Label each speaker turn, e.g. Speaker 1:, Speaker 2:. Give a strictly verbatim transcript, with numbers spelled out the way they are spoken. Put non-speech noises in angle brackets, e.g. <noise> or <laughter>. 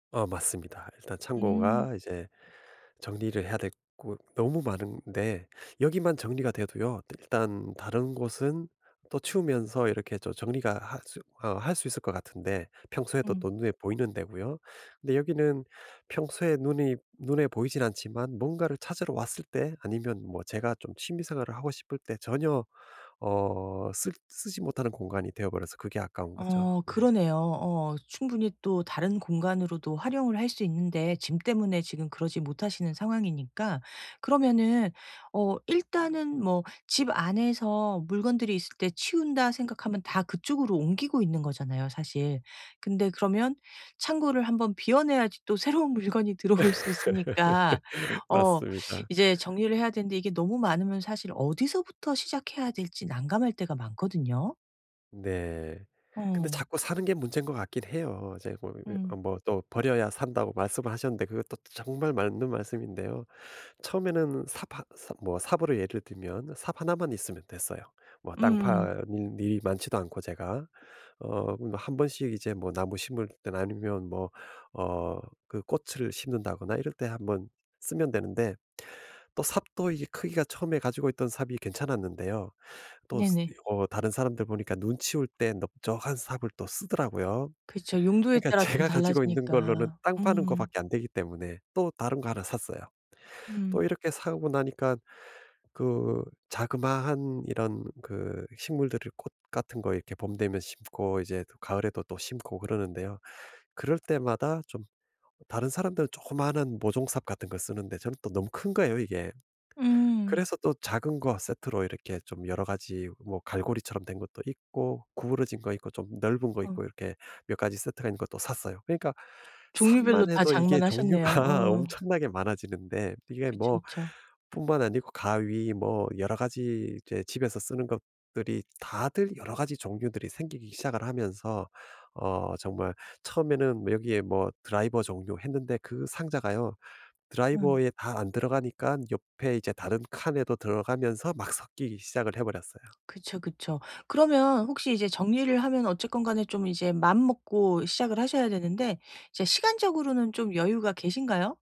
Speaker 1: 어 맞습니다. 일단
Speaker 2: 음.
Speaker 1: 창고가 이제 정리를 해야 될 곳 너무 많은데 여기만 정리가 돼도요. 일단 다른 곳은 또 치우면서 이렇게 또 정리가 할 수 어 할 수 있을 것 같은데 평소에도
Speaker 2: 음.
Speaker 1: 또 눈에 보이는 데고요. 근데 여기는 평소에 눈이 눈에 보이지는 않지만 뭔가를 찾으러 왔을 때 아니면 뭐 제가 좀 취미 생활을 하고 싶을 때 전혀 어 쓰 쓰지 못하는 공간이 되어 버려서 그게 아까운 거죠.
Speaker 2: 어
Speaker 1: 네.
Speaker 2: 그러네요. 어 충분히 또 다른 공간으로도 활용을 할 수 있는데 짐 때문에 지금 그러지 못하시는 상황이니까 그러면은 어 일단은 뭐 집 안에서 '물건들이 있을 때 치운다.' 생각하면 다 그쪽으로 옮기고 있는 거잖아요, 사실. 근데 그러면 창고를 한 번 비워 내야지 또 새로운 물건이 들어올 수 있으니까
Speaker 1: <laughs>
Speaker 2: 어
Speaker 1: 맞습니다.
Speaker 2: 이제 정리를 해야 되는데 이게 너무 많으면 사실 어디서부터 시작해야 될지 난감할 때가 많거든요.
Speaker 1: 네. 근데
Speaker 2: 어.
Speaker 1: 자꾸 사는 게 문제인 것 같긴 해요. 이제 뭐 이 어
Speaker 2: 음.
Speaker 1: 뭐 또 "버려야 산다."고 말씀을 하셨는데 그것도 정말 맞는 말씀인데요. 처음에는 삽 하 사 뭐 삽으로 예를 들면 삽 하나만 있으면 됐어요. 뭐 땅
Speaker 2: 음.
Speaker 1: 파는 일이 많지도 않고, 제가. 어 그럼 한 번씩 이제 뭐 나무 심을 때나 아니면 뭐 어 그 꽃을 심는다거나 이럴 때 한 번 쓰면 되는데 또 삽도 이게 크기가 처음에 가지고 있던 삽이 괜찮았는데요. 또 스 이
Speaker 2: 네네.
Speaker 1: 어 다른 사람들 보니까 눈 치울 때 넓적한 삽을 또 쓰더라고요.
Speaker 2: 그렇죠. 용도에
Speaker 1: 그러니까
Speaker 2: 따라 좀
Speaker 1: 제가 가지고 있는 걸로는
Speaker 2: 달라지니까.
Speaker 1: 땅 파는 것
Speaker 2: 음.
Speaker 1: 밖에 안 되기 때문에 또 다른 거 하나 샀어요. 또
Speaker 2: 음.
Speaker 1: 이렇게 사고 나니까 그 자그마한 이런 그 식물들을 꽃 같은 거 이렇게 봄 되면 심고 이제 가을에도 또 심고 그러는데요. 그럴 때마다 좀 다른 사람들은 조그마한 모종삽 같은 걸 쓰는데 저는 또 너무 큰 거예요, 이게.
Speaker 2: 음.
Speaker 1: 그래서 또 작은 거 세트로 이렇게 좀 여러 가지 뭐 갈고리처럼 된 것도 있고 구부러진 거 있고 좀 넓은 거
Speaker 2: 어.
Speaker 1: 있고 이렇게 몇 가지 세트가 있는 것도 샀어요. 그러니까
Speaker 2: 종류별로
Speaker 1: 삽만
Speaker 2: 다
Speaker 1: 해도 이게
Speaker 2: 장만 하셨네요.
Speaker 1: 종류가
Speaker 2: 어.
Speaker 1: 엄청나게 많아지는데 이게
Speaker 2: 그쵸,
Speaker 1: 뭐
Speaker 2: 그쵸.
Speaker 1: 뿐만 아니고 가위 뭐 여러 가지 이제 집에서 쓰는 것들이 다들 여러 가지 종류들이 생기기 시작을 하면서 어 정말 처음에는 뭐 여기에 뭐 드라이버 종류 했는데 그 상자가요,
Speaker 2: 음.
Speaker 1: 드라이버에 다 안 들어가니까 옆에 이제 다른 칸에도 들어가면서 막 섞이기 시작을 해 버렸어요.
Speaker 2: 그쵸, 그쵸. 그러면 혹시 이제 정리를 하면 어쨌건 간에 좀 이제 마음 먹고 시작을 하셔야 되는데 이제 시간적으로는 좀 여유가 계신가요?